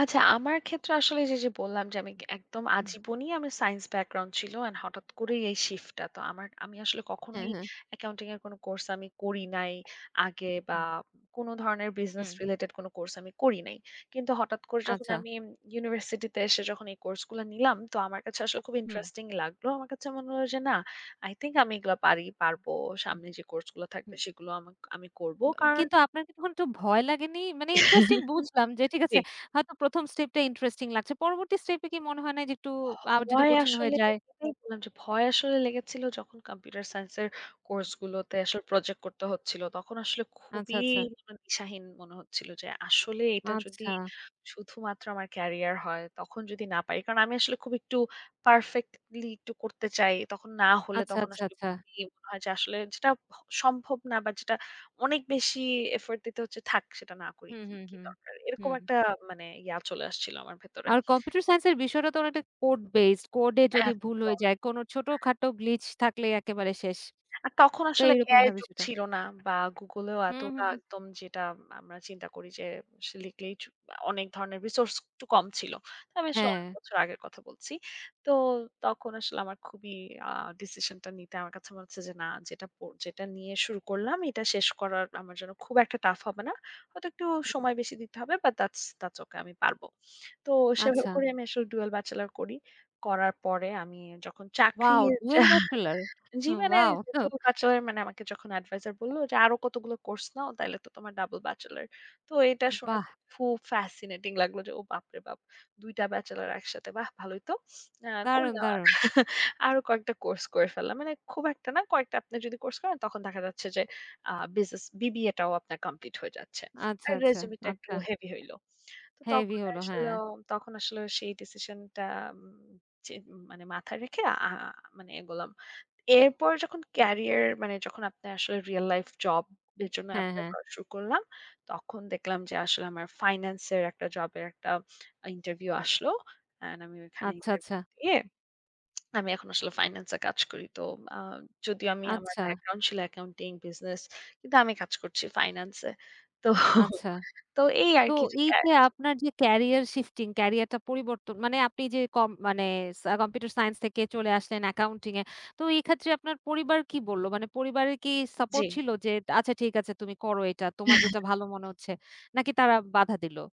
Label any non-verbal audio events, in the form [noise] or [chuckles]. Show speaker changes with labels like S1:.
S1: আচ্ছা। আমার ক্ষেত্রে আসলে যে, যে বললাম যে আমি একদম
S2: হুম।
S1: আজীবনী আমি সাইন্স ব্যাকগ্রাউন্ড ছিল। অ্যান্ড হঠাৎ করেই এই শিফট টা। তো আমার আমি আসলে
S2: হ্যাঁ,
S1: কখনোই
S2: হ্যাঁ।
S1: অ্যাকাউন্টিং এর কোন কোর্স আমি করি নাই আগে
S2: হু,
S1: বা
S2: হুম।
S1: কোন ধরনের বিজনেস
S2: হুম।
S1: রিলেটেড কোনো কোর্স আমি করি নাই। কিন্তু হঠাৎ করে যখন
S2: আচ্ছা।
S1: আমি ইম ইউনিভার্সিটি তে এসে যখন এই কোর্স গুলো নিলাম, তো আমার কাছে আসলে খুব
S2: হুম।
S1: ইন্টারেস্টিং লাগলো। আমার কাছে মনে হলো যে না, "আই থিংক আমি এগুলো পারি পারবো।
S2: হু।
S1: সামনে যে কোর্স গুলো থাকবে
S2: হুম।
S1: সেগুলো আমাক আমি করব।"
S2: ব আ
S1: কারণ
S2: কিন্তু আপনার কি একটু ভয় লাগেনি? মানে ইন্টারেস্টিং
S1: [chuckles]
S2: বুঝলাম যে, ঠিক আছে
S1: জ্বী।
S2: হয়তো ১ম স্টেপ টা ইন্টারেস্টিং লাগছে। পরবর্তী স্টেপ এ কি মনে হয় নাই? যে, একটু
S1: ভ
S2: আ যদি
S1: ভয়
S2: কঠিন হয়ে
S1: আসলে
S2: যায়?
S1: [unintelligible] ভয় আসলে লেগেছিল যখন কম্পিউটার সায়েন্সের কোর্স গুলোতে আসলে প্রজেক্ট করতে হচ্ছিল। তখন আসলে
S2: আচ্ছা,
S1: খুবই
S2: আচ্ছা।
S1: জিবনে দিশাহীন মনে হচ্ছিল যে, আসলে এটা যদি
S2: আচ্ছা।
S1: শুধুমাত্র আমার ক্যারিয়ার হয়, তখন যদি না পারি? কারণ আমি আসলে খুব একটু পারফেক্টলি একটু করতে চাই। তখন না হলে,
S2: আচ্ছা,
S1: তখন
S2: আচ্ছা,
S1: আসলে
S2: আচ্ছা।
S1: মনে হয় যে আসলে যেটা ভ সম্ভব না বা যেটা অনেক বেশি এফোর্ট দিতে হচ্ছে, থাক সেটা না করি
S2: হুম,
S1: কী,
S2: হুম,
S1: কী
S2: হুম।
S1: দরকার? এরকম
S2: হুম।
S1: একটা মানে ইয়া চলে আসছিল আমার ভেতরে।
S2: আর কম্পিউটার সাইন্স এর বিষয়টা তো অনেকটা কোড বেসড। কোড এ যদি ভুল হয়ে
S1: একদম।
S2: যায়? কোন
S1: হুম।
S2: ছোটখাটো গ্লিচ থাকলেই একেবারে শেষ।
S1: আর তখন
S2: তো
S1: আসলে
S2: এইরকম
S1: AI এর
S2: হবে
S1: যুগ
S2: সেটা।
S1: ছিল না। বা Google এও
S2: হু,
S1: এতটা
S2: হু।
S1: একদম, যেটা আমরা চিন্তা করি যে, সে লিখলেই ছু অনেক ধরনের রিসোর্স একটু কম ছিল। তো আমি আসলে অনেক
S2: হ্যাঁ।
S1: বছর আগের কথা বলছি। তো তখন আসলে আমার খুবই আ ডিসিশনটা নিতে আমার কাছে মনে হচ্ছে যে, "না, যেটা ক যেটা নিয়ে শুরু করলাম। এটা শেষ করার আমার জন্য খুব একটা টাফ হবে না। হয়তো একটু
S2: হু।
S1: সময় বেশি দিতে হবে। But thoughts, thoughts okay. আমি পারব।" তো সেভাবে
S2: আচ্ছা।
S1: করে আমি ডুয়াল ব্যাচেলর করি। করার পরে আমি যখন চাকরি
S2: ওয়াও ডুয়াল
S1: [chuckles]
S2: ব্যাচেলর!
S1: জ্বি।
S2: হু,
S1: মানে
S2: ওয়াও! ত
S1: যেহেতু ব্যাচেলর মানে আমাকে যখন অ্যাডভাইজার বলল যে, "আরো কতগুলো কোর্স নাও তাইলে তো তোমার ডাবল ব্যাচেলর।" তো এটা শুনে
S2: বাহ!
S1: খুব ফ্যাসিনেটিং লাগলো যে, "ও বাপরে বাপ! ২ টা ব্যাচেলর একসাথে। বাহ! ভালোই তো!" আ
S2: দারুণ,
S1: করলাম, আ
S2: দারুণ!
S1: [chuckles] আরো কয়েকটা কোর্স করে ফেললাম। মানে খুব একটা না, কয়েকটা আপনার যদি কোর্স করেন, তখন দেখা যাচ্ছে যে, আ বিজনেস BBA টাও আপনার কমপ্লিট হয়ে যাচ্ছে।
S2: আচ্ছা,
S1: আর
S2: আচ্ছা,
S1: রেজিউমে টা একটু
S2: আচ্ছা।
S1: হেভি হইল। তো
S2: হেভি
S1: তখন
S2: হল,
S1: আসলে
S2: হ্যাঁ।
S1: অ তখন আসলে সেই ডিসিশনটা ম যে মানে মাথায় রেখে আ মানে এগোলাম। এরপর যখন কেরিয়ার মানে যখন আপনার আসলে রিয়াল লাইফ জব এর জন্য
S2: হ্যাঁ,
S1: এপ্লাই
S2: হ্যাঁ।
S1: করা শুরু করলাম, তখন দেখলাম যে আসলে আমার ফাইনান্স এর, একটা জব এর একটা ইন্টারভিউ আসলো। অ্যান্ড আমি ওখানে
S2: আচ্ছা, আচ্ছা।
S1: ইন্টারভিউ দিয়ে, [clicks tongue] আমি এখন আসলে ফাইনান্স এ কাজ করি। তো আ যদিও আমি আমার
S2: আচ্ছা।
S1: ব্যাকগ্রাউন্ড ছিল অ্যাকাউন্টিং, বিজনেস, কিন্তু আমি কাজ করছি ফাইনান্স এ। তো [chuckles]
S2: আচ্ছা।
S1: তো এই
S2: তো
S1: আরকি যে
S2: এই যে
S1: [unintelligible]
S2: আপনার যে ক্যারিয়ার শিফটিং, ক্যারিয়ার টা পরিবর্তন মানে আপনি যে কম মানে সা কম্পিউটার সাইন্স থেকে চলে আসলেন অ্যাকাউন্টিং এ। তো এই ক্ষেত্রে আপনার পরিবার কি বলল? মানে পরিবারের কি সাপোর্ট
S1: জী।
S2: ছিল যে, "আচ্ছা ঠিক আছে তুমি করো এটা তোমার যেটা
S1: [chuckles]
S2: ভালো মনে হচ্ছে।" নাকি তারা বাধা দিলো?